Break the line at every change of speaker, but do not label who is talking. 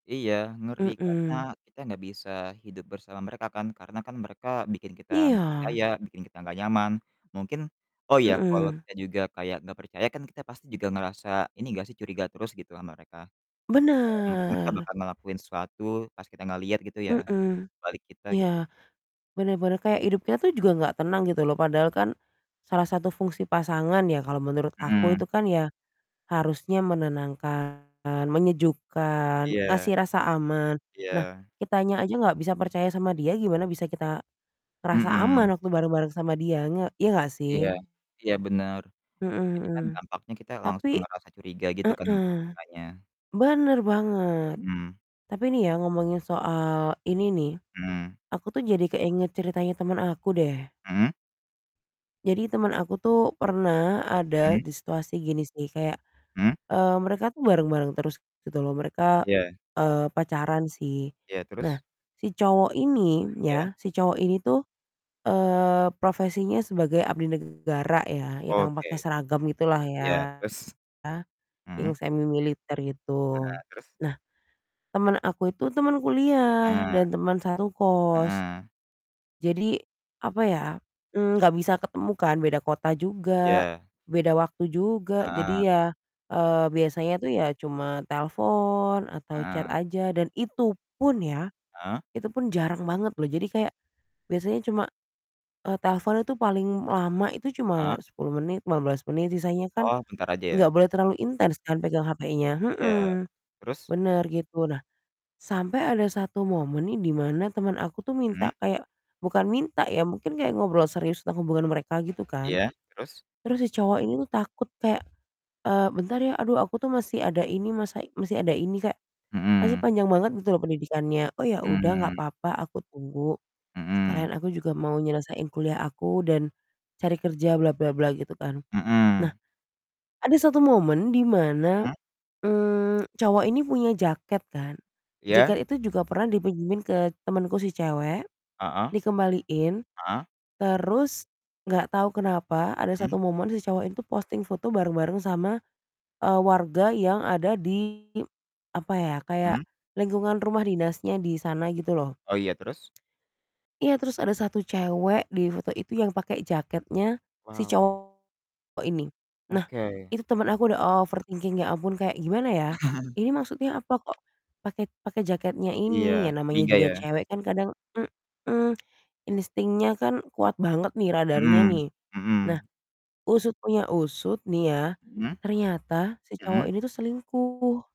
Iya, ngeri, karena
Mhm.
kita enggak bisa hidup bersama mereka, kan, karena kan mereka bikin kita enggak
Iya.
percaya bikin kita enggak nyaman mungkin Oh, iya, kalau
Mhm.
kita juga kayak enggak percaya kan kita pasti juga ngerasa ini enggak sih, curiga terus gitu sama mereka, kayak mungkin kita
Benar.
bakal ngelakuin sesuatu pas kita enggak lihat gitu, ya,
Mhm.
di balik kita, gitu.
Iya, benar benar. Kayak hidupnya tuh juga
Mhm.
enggak tenang gitu loh, padahal kan salah satu fungsi pasangan, ya, kalau menurut aku
Mhm.
itu kan ya, harusnya menenangkan, menyejukkan,
Iya.
ngasih rasa aman. Nah,
Iya.
kitanya aja enggak bisa percaya sama dia, gimana bisa kita ngerasa aman
Mhm.
waktu bareng-bareng sama dia, nga ya, enggak,
Iya
sih?
iya, benar.
Mhm
Jadi,
mhm.
kan dampaknya kita
Tapi
langsung ngerasa curiga gitu kan sama
Heeh,
merekanya.
benar banget.
Mhm.
Tapi nih ya ngomongin soal ini nih,
Mhm.
aku tuh jadi keinget ceritanya temen aku, deh.
Mhm?
Jadi temen aku tuh pernah ada
Mhm.
di situasi gini sih, kayak,
Hmm?
eee, mereka tuh bareng-bareng terus gitu loh, mereka,
Ya.
eee, pacaran, sih.
Iya,
Nah
terus?
si cowok ini,
Ya.
ya, si cowok ini tuh, eee, profesinya sebagai abdi negara, ya, yang
Oke.
pakai seragam gitulah ya,
Iya, terus?
yang
Mhm.
semimiliter gitu.
Heeh, terus?
Nah teman aku itu teman kuliah,
Heeh.
dan teman satu kos.
Heeh.
Jadi, apa ya, mmm, enggak bisa ketemu kan beda kota juga,
Iya.
beda waktu juga jadi
Heeh.
ya, eee, biasanya tuh ya cuma telepon atau chat
Heeh.
aja dan itu pun, ya,
Heeh?
itu pun jarang banget loh. Jadi kayak biasanya cuma, eee, telepon itu paling lama itu cuma
Heeh.
10 menit, 15 menit, sisanya kan
Oh, bentar aja,
enggak
ya?
boleh terlalu intens kan pegang HP-nya,
Iya,
mhm,
terus?
benar, gitu. Nah sampai ada 1 momen nih, di mana teman aku tuh
Mhm.
minta kayak bukan minta, ya, mungkin kayak ngobrol serius tentang hubungan mereka gitu, kan,
Iya, terus?
terus si cowok ini tuh takut kayak, eee, "Bentar ya, aduh aku tuh masih ada ini masa masih ada ini," kayak masih
Mhm.
panjang banget gitu loh pendidikannya. "Oh, ya udah, enggak
Hmm.
apa-apa, aku tunggu,
Mhm.
sekalian aku juga mau nyelesain kuliah aku, dan cari kerja bla-bla-bla," gitu, kan. Nah
Mhm.
ada 1 momen di mana,
Mhm?
mmm, cowok ini punya jaket kan.
Iya.
Jaket itu juga pernah dipinjemin ke temenku si cewek
Heeh.
dikembaliin,
Heeh.
terus enggak tahu kenapa ada
Mhm.
satu momen si cowok itu posting foto bareng-bareng sama, eee, warga yang ada di, apa ya, kayak
Mhm.
lingkungan rumah dinasnya di sana gitu loh.
Oh, iya, terus?
Iya, terus ada 1 cewek di foto itu yang pakai jaketnya si
Wow.
cowok ini. Nah
Oke.
itu temen aku udah overthinking ya ampun kayak gimana, ya, ini maksudnya apa, kok pakai pakai jaketnya
Iya,
ini, ya, namanya
curiga,
juga
ya?
cewek kan kadang mhm, instingnya kan kuat banget nih radarnya
Mhm
nih. Nah,
mhm.
usut punya usut nih ya,
Mhm,
ternyata si cowok
mhm.
ini tuh selingkuh.